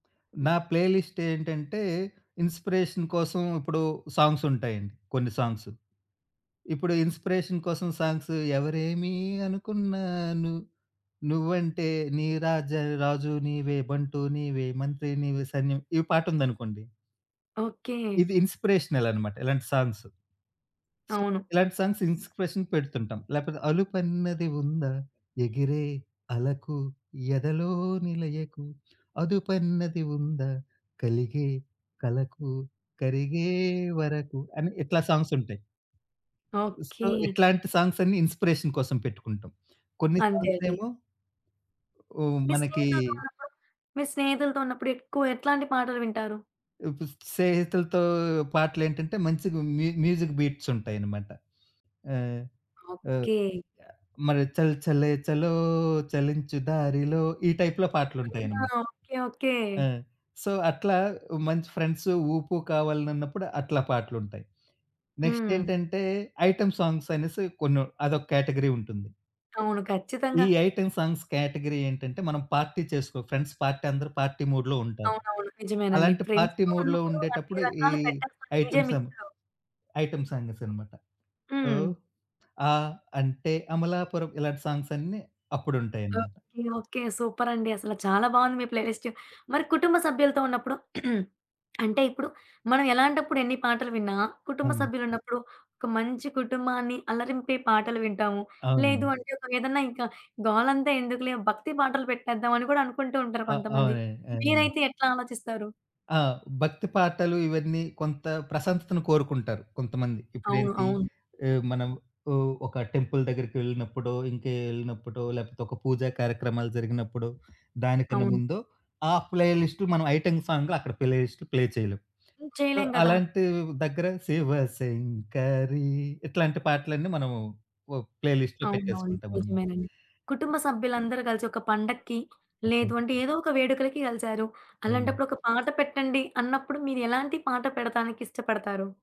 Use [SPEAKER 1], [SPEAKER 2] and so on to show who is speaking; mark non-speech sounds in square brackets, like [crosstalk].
[SPEAKER 1] నా play list ఏంటంటే inspiration కోసం ఇప్పుడు సాంగ్స్ ఉంటాయండి. కొన్ని సాంగ్స్. ఇప్పుడు ఇన్‌స్పిరే‌షన్ కోసం సాంగ్సు, ఎవరేమి అనుకున్నా ను నువ్వంటే నీ రాజ రాజు నీవే బంటు నీవే మంత్రి నీవే సైన్యం ఈ పాటుందనుకోండి
[SPEAKER 2] ఓకే.
[SPEAKER 1] ఇది ఇన్‌స్పిరేషనల్ అనమాట ఇలాంటి సాంగ్సు. సో
[SPEAKER 2] అవును.
[SPEAKER 1] ఇలాంటి సాంగ్స్ ఇన్స్పిరేషన్ పెడుతుంటాం. లేపోతే అలుపన్నది ఉందా? ఎగిరే అలకు ఎదలోనిలయకు అదుపన్నది ఉందా? కలిగే కలకు కరిగే వరకు అని ఇట్లా సాంగ్సుంటాయి.
[SPEAKER 2] ఓకే.
[SPEAKER 1] సో ఇట్లాంటి సాంగ్సన్ని ఇన్‌స్పిరేషన్ కోసం పెట్టుకుంటాం. కొన్ని
[SPEAKER 2] అంతే అండి.
[SPEAKER 1] సాంగ్సేమో ఓహ్!
[SPEAKER 2] మీ
[SPEAKER 1] మనకీ
[SPEAKER 2] స్నేహితులు ద్వారనో మీ స్నేహితులతో ఉన్నప్పుడు ఎక్కువ ఎట్లాంటి పాటలు వింటారు?
[SPEAKER 1] ఇప్ సేహితులతో పాటలేంటంటే మంచిగా మ్యూ మ్యూజిక్ బీట్స్ ఉంటాయన్నమాట. ఆ! ఆహ్,
[SPEAKER 2] ఓకే.
[SPEAKER 1] యాహ్! మల్ చల్ చలే చలో చలించు దారిలో ఈ టైప్‌లో
[SPEAKER 2] ఆ!
[SPEAKER 1] పాటలుంటాయన్నమాట.
[SPEAKER 2] ఓకే. ఓకే.
[SPEAKER 1] ఆ! సో అట్లా ఓ మంచి ఫ్రెండ్సు, ఊపు, కావాలి నన్నప్పుడు అట్లా పాటలుంటాయి. నెక్స్ట్
[SPEAKER 2] హ్మ్.
[SPEAKER 1] ఏంటంటే ఐటెమ్ సాంగ్స్ అనేసి కొన్ని అదొకేటగరీ ఉంటుంది.
[SPEAKER 2] అవును. ఖచ్చితంగా
[SPEAKER 1] ఈ ఐటెమ్ సాంగ్స్ కేటగరీ ఏంటంటే మనం పార్టీ చేసుకో ఫ్రెండ్స్ పార్టీ అందరూ పార్టీ మూడ్‌లో ఉంటారు.
[SPEAKER 2] అవునవును. నిజమేనండి.
[SPEAKER 1] అలాంటి పార్టీ
[SPEAKER 2] ఫ్రెండ్స్‌తో
[SPEAKER 1] మూడ్‌లో
[SPEAKER 2] ఉన్నప్పుడు అన్ని
[SPEAKER 1] ఉండేటప్పుడు ఈ
[SPEAKER 2] రకాలు పెట్టచండి డీజే
[SPEAKER 1] ఐటెమ్సం,
[SPEAKER 2] మిక్స్‌లో.
[SPEAKER 1] ఐటెమ్ సాంగసన్నమాట. ఓహ్!
[SPEAKER 2] హ్మ్.
[SPEAKER 1] ఆ! అంటే అమలాపురం ఇలాంటి సాంగ్సన్నీ అప్పుడుంటాయన్నమాట.
[SPEAKER 2] ఓకే. ఓకే. సూపరండి! అసల చాలా బావుంది మీ ప్లే లిస్ట్. మరి కుటుంబ సభ్యులతో ఉన్నప్పుడు [clears throat] అంటే ఇప్పుడు మనం ఎలాంటప్పుడు ఎన్ని పాటలు విన్నా,
[SPEAKER 1] అవునా?
[SPEAKER 2] కుటుంబసభ్యులున్నప్పుడు ఒక మంచి కుటుంబాన్ని అల్లరింపే పాటలు వింటాము. లేదు
[SPEAKER 1] అవునండి.
[SPEAKER 2] అంటే ఒక ఏదన్నా ఇంక గోలంతా ఎందుకులే భక్తి పాటలు పెట్టేద్దామని కూడా అనుకుంటూంటారు
[SPEAKER 1] ఆ!
[SPEAKER 2] కొంతమంది.
[SPEAKER 1] అవునండి. అదెనండి.
[SPEAKER 2] మీరైతే ఎట్లా ఆలోచిస్తారు?
[SPEAKER 1] ఆ! భక్తి పాటలు, ఇవన్నీ కొంత ప్రశంతతను కోరుకుంటారు కొంతమంది.
[SPEAKER 2] అవును.
[SPEAKER 1] ఇప్పుడేంటి
[SPEAKER 2] అవును.
[SPEAKER 1] ఇ మనం ఓ ఒక టెంపుల్ దగ్గరికెళ్ళినప్పుడో ఇంకే వెళ్ళినప్పుడో లేపోతే ఒక పూజ కార్యక్రమాలు జరిగినప్పుడో దానికన్నా
[SPEAKER 2] అవును.
[SPEAKER 1] ముందో ఆ ప్లే లిస్ట్ మనం ఐటెమ్ సాంగ్‌ అక్కడ ప్లే లిస్టులు ప్లే చేయలేం.
[SPEAKER 2] హ్మ్.
[SPEAKER 1] సో
[SPEAKER 2] చేయలేం గదా!
[SPEAKER 1] అలాంటి దగ్గర శివ శంకరి ఇట్లాంటి పాటలన్నీ మనము ఓ ప్లే లిస్ట్‌లో
[SPEAKER 2] అవునవును.
[SPEAKER 1] పెట్టేసుకుంటామనమాట.
[SPEAKER 2] నిజమేనండి. కుటుంబ సభ్యులందరూ కలిసి ఒక పండక్కి,
[SPEAKER 1] ఓకే
[SPEAKER 2] లేదు
[SPEAKER 1] అండి.
[SPEAKER 2] అంటే ఏదో ఒక వేడుకలకి కలిసారు.
[SPEAKER 1] అవునండి.
[SPEAKER 2] అలాంటప్పుడు ఒక పాట పెట్టండి అన్నప్పుడు మీరేలాంటి పాట పెడతానికిష్టపడతారు?